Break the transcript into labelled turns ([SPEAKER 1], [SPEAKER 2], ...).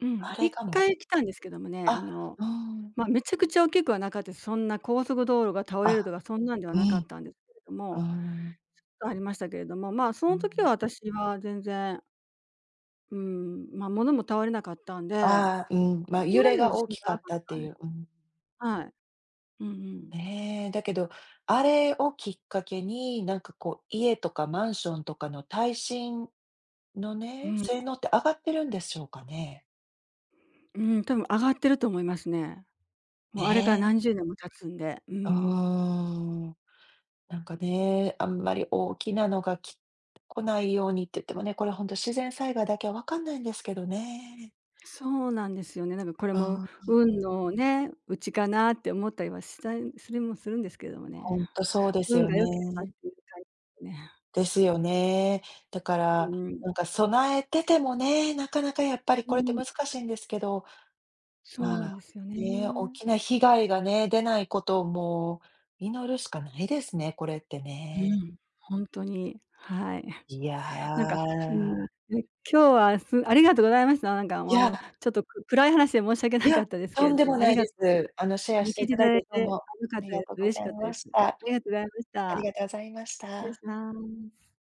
[SPEAKER 1] うん、
[SPEAKER 2] あ
[SPEAKER 1] いっ
[SPEAKER 2] れか
[SPEAKER 1] か
[SPEAKER 2] も。
[SPEAKER 1] い来たんですけどもね、あ
[SPEAKER 2] あ、
[SPEAKER 1] の、
[SPEAKER 2] うーん。
[SPEAKER 1] ま、めちゃくちゃ大きくはなかったです。そんな高速道路が倒れる
[SPEAKER 2] あ、
[SPEAKER 1] とかそんなんでは
[SPEAKER 2] う
[SPEAKER 1] なかっ
[SPEAKER 2] ん、
[SPEAKER 1] たんですけれど
[SPEAKER 2] うー
[SPEAKER 1] も、ちょっ
[SPEAKER 2] ん。
[SPEAKER 1] とありましたけれども、まあそ
[SPEAKER 2] あ、う
[SPEAKER 1] の時は
[SPEAKER 2] ん。
[SPEAKER 1] 私は全然。うん、ま、物も倒れなかったんで、
[SPEAKER 2] ああ、うん、
[SPEAKER 1] そ
[SPEAKER 2] ま、
[SPEAKER 1] こ
[SPEAKER 2] 揺
[SPEAKER 1] ま
[SPEAKER 2] れ
[SPEAKER 1] での
[SPEAKER 2] が
[SPEAKER 1] 地
[SPEAKER 2] 大
[SPEAKER 1] 震じ
[SPEAKER 2] き
[SPEAKER 1] ゃ
[SPEAKER 2] か
[SPEAKER 1] な
[SPEAKER 2] っ
[SPEAKER 1] かっ
[SPEAKER 2] たって
[SPEAKER 1] たんで
[SPEAKER 2] い
[SPEAKER 1] す。
[SPEAKER 2] う、うん。
[SPEAKER 1] はい。うんうん。
[SPEAKER 2] ね、だけど、あれをきっかけに、なんかこう、家とかマンションとかの耐震の
[SPEAKER 1] う
[SPEAKER 2] ね、
[SPEAKER 1] ん。
[SPEAKER 2] 性能って上がってるんでしょうかね？
[SPEAKER 1] うん、多分上がってると思いますね。もうあれから
[SPEAKER 2] ね。
[SPEAKER 1] 何10年も経つんで。う
[SPEAKER 2] うー
[SPEAKER 1] ん。
[SPEAKER 2] ん。なんかね、あんまり大きなのがき来ないようにって言ってもね、これほんと自然災害だけはわかんないんですけどね。
[SPEAKER 1] そうなんですよね。なんかこれも
[SPEAKER 2] ああ。
[SPEAKER 1] 運のね、うちかなって思ったりはしたんするもするんですけども
[SPEAKER 2] ほ
[SPEAKER 1] ね。
[SPEAKER 2] んとそうです
[SPEAKER 1] 運
[SPEAKER 2] よ
[SPEAKER 1] が良ければっ
[SPEAKER 2] ね。
[SPEAKER 1] ていう感じですね。
[SPEAKER 2] ですよね。だか
[SPEAKER 1] う
[SPEAKER 2] ら、
[SPEAKER 1] ん。
[SPEAKER 2] なんか備えててもね、なかなかやっぱり
[SPEAKER 1] う
[SPEAKER 2] これって
[SPEAKER 1] ん。
[SPEAKER 2] 難しいんですけど、
[SPEAKER 1] そうな
[SPEAKER 2] ま、
[SPEAKER 1] んですよ
[SPEAKER 2] ね、おっ
[SPEAKER 1] ね。
[SPEAKER 2] きな被害がね、出ないことをもう祈るしかないですね、これって
[SPEAKER 1] う
[SPEAKER 2] ね。
[SPEAKER 1] ん、ほんとに。はい。
[SPEAKER 2] い
[SPEAKER 1] なんか、うー
[SPEAKER 2] や。
[SPEAKER 1] ん。ん、今日はすありがとうございました。なんか、も
[SPEAKER 2] い
[SPEAKER 1] う、あの
[SPEAKER 2] や。
[SPEAKER 1] ちょっとく暗い話で申し訳
[SPEAKER 2] い
[SPEAKER 1] なか
[SPEAKER 2] や、
[SPEAKER 1] ったですけ
[SPEAKER 2] と
[SPEAKER 1] れ
[SPEAKER 2] んで
[SPEAKER 1] ども、
[SPEAKER 2] も
[SPEAKER 1] あ
[SPEAKER 2] な
[SPEAKER 1] り
[SPEAKER 2] い
[SPEAKER 1] が
[SPEAKER 2] で
[SPEAKER 1] とうございまし
[SPEAKER 2] す。あの
[SPEAKER 1] た。
[SPEAKER 2] シェ
[SPEAKER 1] あ
[SPEAKER 2] ア
[SPEAKER 1] の
[SPEAKER 2] して
[SPEAKER 1] 聞いて
[SPEAKER 2] 頂い
[SPEAKER 1] 頂
[SPEAKER 2] て、
[SPEAKER 1] い
[SPEAKER 2] どう
[SPEAKER 1] て
[SPEAKER 2] も
[SPEAKER 1] 良か
[SPEAKER 2] あ
[SPEAKER 1] っ
[SPEAKER 2] り
[SPEAKER 1] た
[SPEAKER 2] が
[SPEAKER 1] です。
[SPEAKER 2] とうご
[SPEAKER 1] 嬉し
[SPEAKER 2] ざい
[SPEAKER 1] かった
[SPEAKER 2] ま
[SPEAKER 1] です。
[SPEAKER 2] した。
[SPEAKER 1] ありがとうございまし
[SPEAKER 2] あり
[SPEAKER 1] た。
[SPEAKER 2] がとうございまし
[SPEAKER 1] 失礼し
[SPEAKER 2] た。
[SPEAKER 1] ます。